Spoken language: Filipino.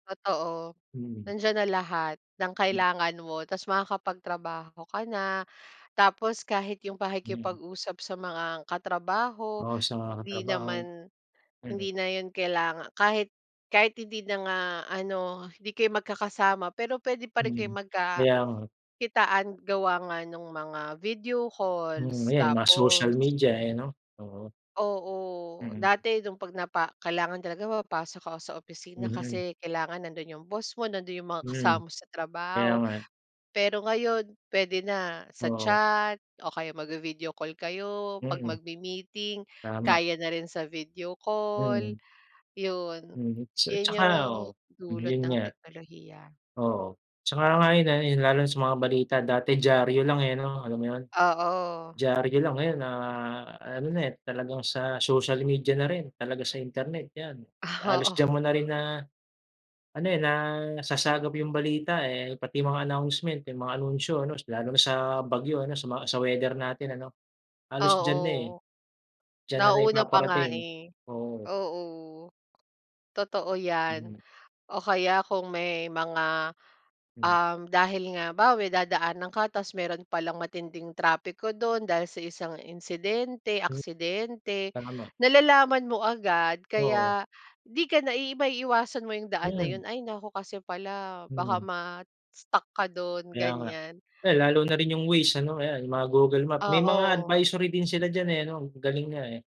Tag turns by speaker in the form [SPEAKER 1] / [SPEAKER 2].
[SPEAKER 1] Totoo.
[SPEAKER 2] Mm.
[SPEAKER 1] Nandiyan na lahat ng
[SPEAKER 2] M
[SPEAKER 1] kailangan mo tapos makakapagtrabaho ka na. Tapos kahit 'yong
[SPEAKER 2] Mm.
[SPEAKER 1] pakikipag-usap sa mga katrabaho
[SPEAKER 2] Oo, sa
[SPEAKER 1] hindi
[SPEAKER 2] katrabaho.
[SPEAKER 1] naman
[SPEAKER 2] Mm.
[SPEAKER 1] hindi na 'yon kailanga kahit kahit hindi na nga ano, hindi kayo magkakasama, pero puwede pa rin kayo
[SPEAKER 2] Mm. Kaya nga.
[SPEAKER 1] magkakitaan gawa nga nung mga video
[SPEAKER 2] Mm.
[SPEAKER 1] calls.
[SPEAKER 2] Ayan, mga social
[SPEAKER 1] Tapos
[SPEAKER 2] media, ayan 'no, oo.
[SPEAKER 1] Oo.
[SPEAKER 2] Mm.
[SPEAKER 1] Dati no'ng 'pag napa kailangan talaga papasok ako sa opisina
[SPEAKER 2] Mhm.
[SPEAKER 1] kasi kailangan. Nando'n 'yong boss mo, nando'n 'yong mga
[SPEAKER 2] Mm.
[SPEAKER 1] kasama mo sa
[SPEAKER 2] Kaya
[SPEAKER 1] trabaho.
[SPEAKER 2] nga, eh.
[SPEAKER 1] Pero ngayon puwede na sa
[SPEAKER 2] Oo.
[SPEAKER 1] chat o kaya magvi-video call kayo. 'Pag
[SPEAKER 2] Mm.
[SPEAKER 1] magmi-meeting,
[SPEAKER 2] Tama.
[SPEAKER 1] kaya na rin sa video call,
[SPEAKER 2] Mm.
[SPEAKER 1] 'yon.
[SPEAKER 2] Mm, sa
[SPEAKER 1] 'Yon
[SPEAKER 2] tsaka
[SPEAKER 1] 'yong
[SPEAKER 2] oo. Mm,
[SPEAKER 1] dulot
[SPEAKER 2] 'yun
[SPEAKER 1] ng
[SPEAKER 2] nga.
[SPEAKER 1] teknolohiya.
[SPEAKER 2] Oo. Tsaka nga 'yun ayun, lalo na sa mga balita, dati diyaryo lang, eh, ano, alam mo 'yun?
[SPEAKER 1] Oo.
[SPEAKER 2] Diyaryo lang. Ngayon na ano na, eh, talagang sa social media na rin, talaga sa internet, 'yan. Halos diyan
[SPEAKER 1] Oo.
[SPEAKER 2] mo na rin na ano, eh, nasasagap 'yong balita, eh. Pati mga announcement, 'yung mga anunsyo, ano, lalo na sa bagyo ano, sa mga sa weather natin ano. Halos diyan na, eh.
[SPEAKER 1] Oo.
[SPEAKER 2] Diyan na
[SPEAKER 1] Nauuna pa nga,
[SPEAKER 2] naipaparating,
[SPEAKER 1] eh.
[SPEAKER 2] oo.
[SPEAKER 1] Oo. Totoo 'yan.
[SPEAKER 2] Mm.
[SPEAKER 1] O kaya kung may mga,
[SPEAKER 2] Mm.
[SPEAKER 1] um, dahil nga halimbawa, may dadaan ka tapos meron palang matinding trapiko dun dahil sa isang insidente,
[SPEAKER 2] Mm,
[SPEAKER 1] aksidente,
[SPEAKER 2] tama.
[SPEAKER 1] nalalaman mo agad
[SPEAKER 2] Oo.
[SPEAKER 1] kaya 'di ka na ba maiiwasan mo 'yung daan na
[SPEAKER 2] Mm.
[SPEAKER 1] 'yun. Ay naku kasi pala baka
[SPEAKER 2] Mm.
[SPEAKER 1] ma-stuck ka dun,
[SPEAKER 2] Kaya nga.
[SPEAKER 1] ganyan.
[SPEAKER 2] Ay lalo na rin 'yung Waze ano, ayan, 'yung mga Google Map. May mga
[SPEAKER 1] Oo.
[SPEAKER 2] advisory din sila diyan, eh, ano. Galing nga, eh.